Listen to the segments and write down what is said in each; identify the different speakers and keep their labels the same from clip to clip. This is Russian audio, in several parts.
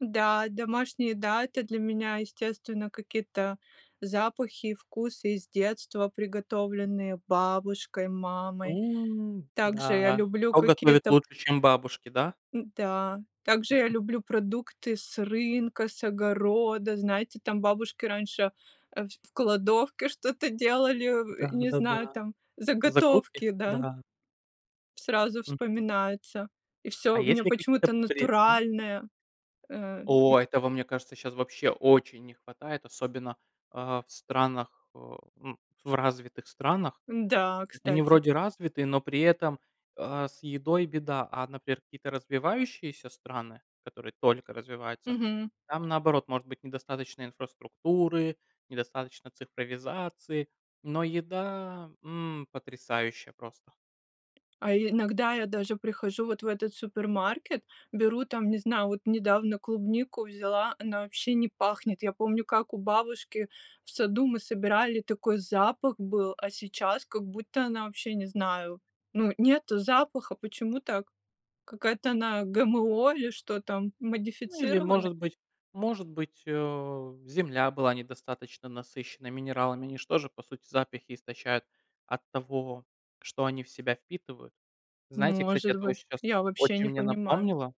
Speaker 1: Да, домашние, да, это для меня, естественно, какие-то запахи и вкусы из детства, приготовленные бабушкой, мамой.
Speaker 2: М,
Speaker 1: Также я
Speaker 2: да.
Speaker 1: люблю
Speaker 2: Кто готовит
Speaker 1: какие-то
Speaker 2: лучше, чем бабушки, да?
Speaker 1: н-да, также я люблю продукты с рынка, с огорода. Знаете, там бабушки раньше, э, в кладовке что-то
Speaker 2: М,
Speaker 1: делали, э,
Speaker 2: да
Speaker 1: не знаю,
Speaker 2: да-да.
Speaker 1: там,
Speaker 2: Закрутки?
Speaker 1: заготовки, да.
Speaker 2: Да.
Speaker 1: Сразу
Speaker 2: Мгм.
Speaker 1: вспоминается. И всё
Speaker 2: А
Speaker 1: у
Speaker 2: есть
Speaker 1: меня
Speaker 2: ли
Speaker 1: почему-то
Speaker 2: какие-то при Мгм.
Speaker 1: натуральное, э, м.
Speaker 2: О! Этого, мне кажется, сейчас вообще очень не хватает, особенно, а, в странах, э, ну, в развитых странах.
Speaker 1: Н-да,
Speaker 2: Э, они
Speaker 1: кстати.
Speaker 2: вроде развитые, но при этом, а, с едой беда, а, например, какие-то развивающиеся страны, которые только развиваются,
Speaker 1: Мгм.
Speaker 2: там, наоборот, может быть недостаточно инфраструктуры, недостаточно цифровизации, но еда, м, потрясающая просто.
Speaker 1: А иногда я даже прихожу вот в этот супермаркет, беру там, не знаю, вот недавно клубнику взяла, она вообще не пахнет. Я помню, как у бабушки в саду мы собирали, такой запах был, а сейчас как будто она вообще, не знаю. Ну, нету запаха. Почему так? Какая-то она ГМО или что там,
Speaker 2: Ну или,
Speaker 1: модифицирована?
Speaker 2: может быть, может быть, э, земля была недостаточно насыщенной минералами. Они же тоже, по сути, запахи истощают от того, что они в себя впитывают. Знаете, кстати,
Speaker 1: Может
Speaker 2: это
Speaker 1: быть,
Speaker 2: очень щас
Speaker 1: я вообще не
Speaker 2: очень мне
Speaker 1: понимаю.
Speaker 2: напомнило.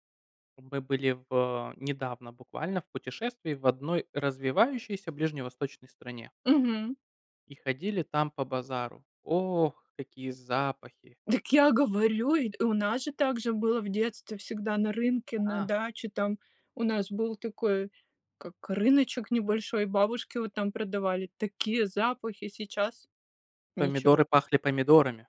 Speaker 2: Мы были в, э, недавно буквально в путешествии в 1 развивающейся ближневосточной стране.
Speaker 1: Мгм.
Speaker 2: И ходили там по базару. Ох, какие запахи!
Speaker 1: Дак я говорю, и, э, у нас же также было в детстве всегда на рынке, на
Speaker 2: Ага.
Speaker 1: даче там. У нас был такой как рыночек небольшой, бабушки вот там продавали, такие запахи, сейчас ничего.
Speaker 2: Помидоры пахли помидорами.